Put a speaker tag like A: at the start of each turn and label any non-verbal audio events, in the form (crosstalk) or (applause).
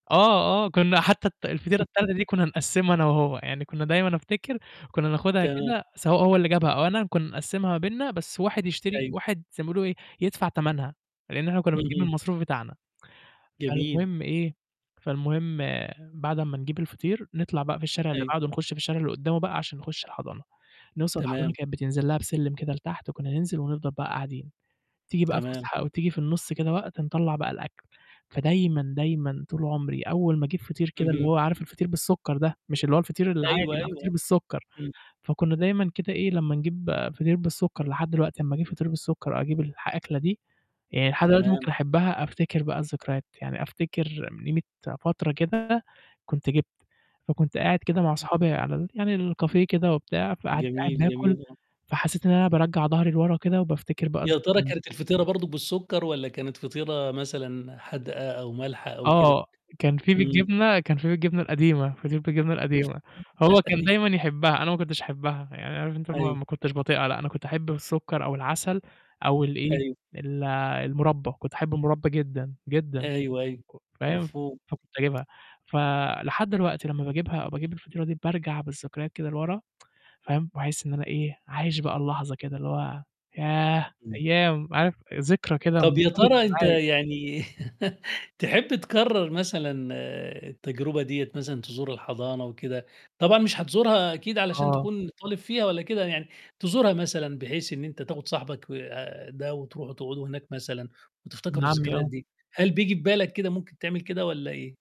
A: آه، آه. كنا حتى ال الفطيرة التالتة دي
B: (laughs)
A: كنا نقسّمها أنا وهو، يعني كنا دايمًا أفتكر كنا ناخدها
B: تمام.
A: كده سواء هو اللي جابها أو أنا، كنا نقسّمها ما بيننا بس واحد يشتري
B: أيوه.
A: واحد زي ما بيقولوا إيه يدفع تمنها، لإن إحنا كنا بنجيب من
B: اهم.
A: المصروف بتاعنا،
B: جميل.
A: فالمهم إيه؟ فالمهم بعد أمّا نجيب الفطير نطلع بقى في الشارع اللي
B: أيوه.
A: بعدُه نخش في الشارع اللي قُدّامه بقى عشان نخُشّ الحضانة، نوصل الحضانة
B: تمام.
A: كانت بتنزل لها بسلِّم كده لتحت، وكنا ننزل ونفضل بقى قاعدين، تيجي بقى
B: تمام.
A: الفسحة أو تيجي في النُصّ كده وقت نطلَّع بقى الأكل، فدايمًا دايمًا طول عمري أول ما أجيب فطير كده اللي
B: اهم.
A: هو عارف الفطير بالسُكّر ده، مش اللي هو الفطير
B: أيوه،
A: العادي، لأ فطير
B: أيوه
A: بالسُكّر،
B: إمم.
A: فكنا دايمًا كده إيه، لمّا نجيب فطير بالسُكّر لحد دلوقتي لمّا أجيب فطير بالسُكّر وأجيب الح الأكلة دي، يعني لحد دلوقتي
B: تمام.
A: ممكن أحبها، أفتكر بقى الذكريات، يعني أفتكر من قيمة فترة كده كنت جِبت، فكنت قاعد كده مع أصحابي على ال يعني الcafe كده وبتاع، فقاعد قاعد
B: جميل،
A: باكل،
B: جميل. آه.
A: فحسيت إن أنا بارجّع ضهري لورا كده وبافتكر بقى
B: يا ترى
A: الذكريات
B: كانت الفطيرة برضه بالسُكّر، والَّا كانت فطيرة مثلًا حادقة أو مالحة أو كده؟
A: آه، كان فيه
B: إمم.
A: بالجبنة كان فيه بالجبنة القديمة فطير بالجبنة
B: (laughs)
A: القديمة، هو كان
B: أيوه.
A: دايمًا يحبها أنا ما كنتش أحبها، يعني عارف أنت ما
B: أيوه.
A: ما كنتش باطيقها لأ، أنا كنت أحب بالسُكّر أو العسل، أو الإيه
B: أيوه.
A: ال المربى، كنت أحب المربى جدًا، جدًا.
B: أيوه، أيوه.
A: فاهم،
B: مفهوم.
A: فكنت أجيبها، ف لحد دلوقتي لمّا باجيبها، باجيب الفطيرة دي بارجع بالذكريات كده لورا، (tsk) فاهم، وأحس إن أنا إيه؟ عايش بقى اللحظة كده، اللي هو ياه،
B: إمم.
A: أيام، عارف ذكرى كده
B: طَب يا
A: مرتبطة
B: ترى أنت
A: معايا.
B: يعني (laughs) تحب تكرَّر مثلًا التجربة ديَّة مثلًا تزور الحضانة وكده، طبعًا مش هتزورها أكيد علشان
A: آه.
B: تكون طالب فيها والَّا كده يعني، تزورها مثلًا بحيث إن أنت تاخد صاحبك آآ، ده وتروحوا تقعدوا هناك مثلًا،
A: ابن
B: وتفتكروا
A: عمي
B: الذكريات
A: آه.
B: دي، هل بييجي في بالك كده ممكن تعمل كده والَّا إيه؟